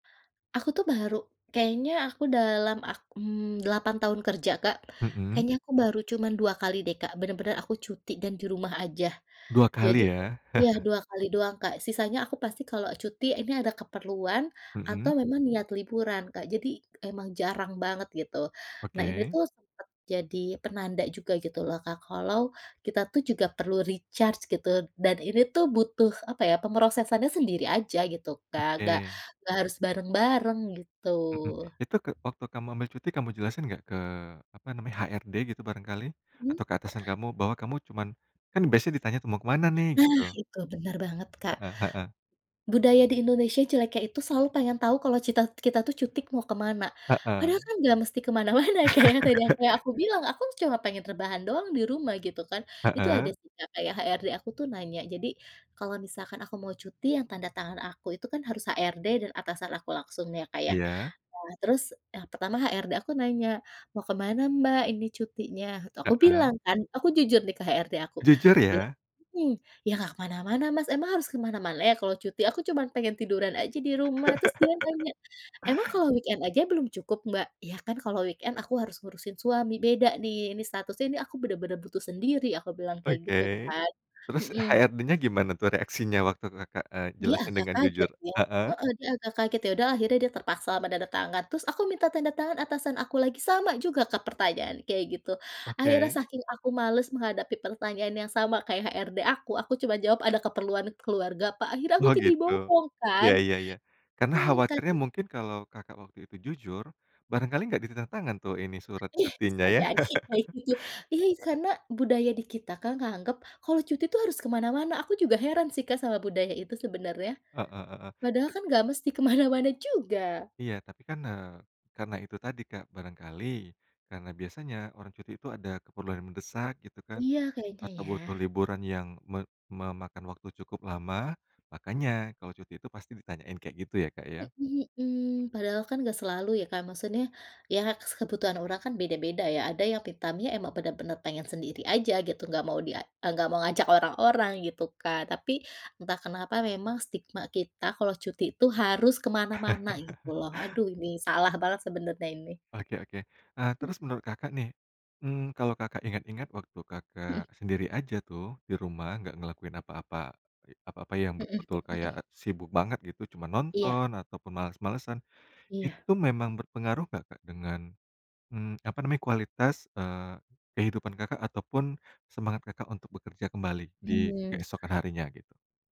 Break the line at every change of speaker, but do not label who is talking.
Aku tuh baru, kayaknya aku dalam ak mmm, 8 tahun kerja Kak,
Mhm.
kayaknya aku baru cuman 2x deh Kak bener-bener aku cuti dan di rumah aja,
dua
jadi
kali ya.
iya 2x doang Kak sisanya aku pasti kalau cuti ini ada keperluan,
Mhm.
atau memang niat liburan Kak jadi emang jarang banget gitu nah ini
Oke.
tuh sempet jadi penanda juga gitu loh Kak kalau, kita tuh juga perlu recharge gitu dan ini tuh butuh apa ya pemrosesannya sendiri aja gitu Kak gak
Oke.
gak harus bareng-bareng gitu.
Mhm, itu ke waktu kamu ambil cuti kamu jelasin gak ke apa namanya HRD gitu barangkali,
Mmm.
atau ke atasan kamu bahwa kamu cuman, kan biasanya ditanya tuh mau kemana nih
Nah
gitu.
itu benar banget Kak,
Heeh heeh.
budaya di Indonesia jeleknya itu selalu pengen tahu kalau cita kita tuh cuti mau kemana,
Heeh.
padahal kan gak mesti kemana-mana kayak yang tadi yang kayak aku bilang aku cuma pengen rebahan doang di rumah gitu kan itu ada
Heeh.
sih Kak kayak HRD aku tuh nanya jadi, kalau misalkan aku mau cuti yang tanda tangan aku itu kan harus HRD dan atasan aku langsung ya Kak ya
Iya.
nah terus yang pertama HRD aku nanya, "Mau kemana Mbak ini cutinya?" Tuh aku
Heeh.
bilang kan aku jujur nih ke HRD aku
Jujur
ya,
ya.
mhm, "ya nggak kemana-mana Mas emang harus kemana-mana ya kalau cuti aku cuman pengen tiduran aja di rumah" terus dia nanya, "emang kalau weekend aja belum cukup, Mbak?" "Ya kan kalau weekend aku harus ngurusin suami beda nih ini statusnya ini aku bener-bener butuh sendiri" aku bilang kayak
Oke,
gitu kan,
terus
mhm.
HRDnya gimana tuh reaksinya waktu Kakak, eee,
Dia
jelasin
agak
dengan
kaget
jujur?
ya,
Heeh.
heeh, dia agak kaget ya udah akhirnya dia terpaksa menanda tangan terus aku minta tanda tangan atasan aku lagi sama juga Kak pertanyaan kayak gitu akhirnya
Oke.
saking aku males menghadapi pertanyaan yang sama kayak HRD aku aku cuma jawab, "Ada keperluan keluarga Pak" akhirnya aku
Oh
jadi
gitu,
bohong
ya
kan,
ya ya, karena
mmm.
khawatirnya
[unintelligible]
mungkin kalau Kakak waktu itu jujur, barangkali gak ditanda tangan tuh ini surat
Iya
cutinya
bisa
ya.
jadi kayak gitu iya karena budaya di kita Kak nganggap kalau cuti tuh harus kemana-mana aku juga heran sih Kak sama budaya itu sebenarnya,
Heeh heeh.
padahal kan nggak mesti kemana-mana juga.
Iya tapi kan, eee, karena itu tadi Kak barangkali, karena biasanya orang cuti itu ada keperluan mendesak gitu kan,
Iya kayaknya
atau
ya.
butuh liburan yang me memakan waktu cukup lama makanya kalau cuti itu pasti ditanyain kayak gitu ya Kak ya?
Mhm mhm, padahal kan gak selalu ya Kak maksudnya, ya kebutuhan orang kan beda-beda ya ada yang me time-nya emang bener-bener pengen sendiri aja gitu nggak mau di a nggak mau ngajak orang-orang gitu kan tapi entah kenapa memang stigma kita kalau cuti itu harus kemana-mana gitu loh aduh ini salah banget sebenarnya ini.
Oke oke, eee,
Mhm.
terus menurut Kakak nih, mmm, kalau Kakak ingat-ingat waktu
Mhm.
Kakak sendiri aja tuh di rumah nggak ngelakuin apa-apa, apa-apa yang
Mhm
betul-betul kayak
mhm.
sibuk banget gitu cuma
Iya.
nonton ataupun males-malesan,
Iya.
itu memang berpengaruh gak Kak dengan, mmm, apa namanya kualitas, eee, kehidupan Kakak ataupun semangat Kakak untuk bekerja kembali di
Iya.
keesokan harinya gitu?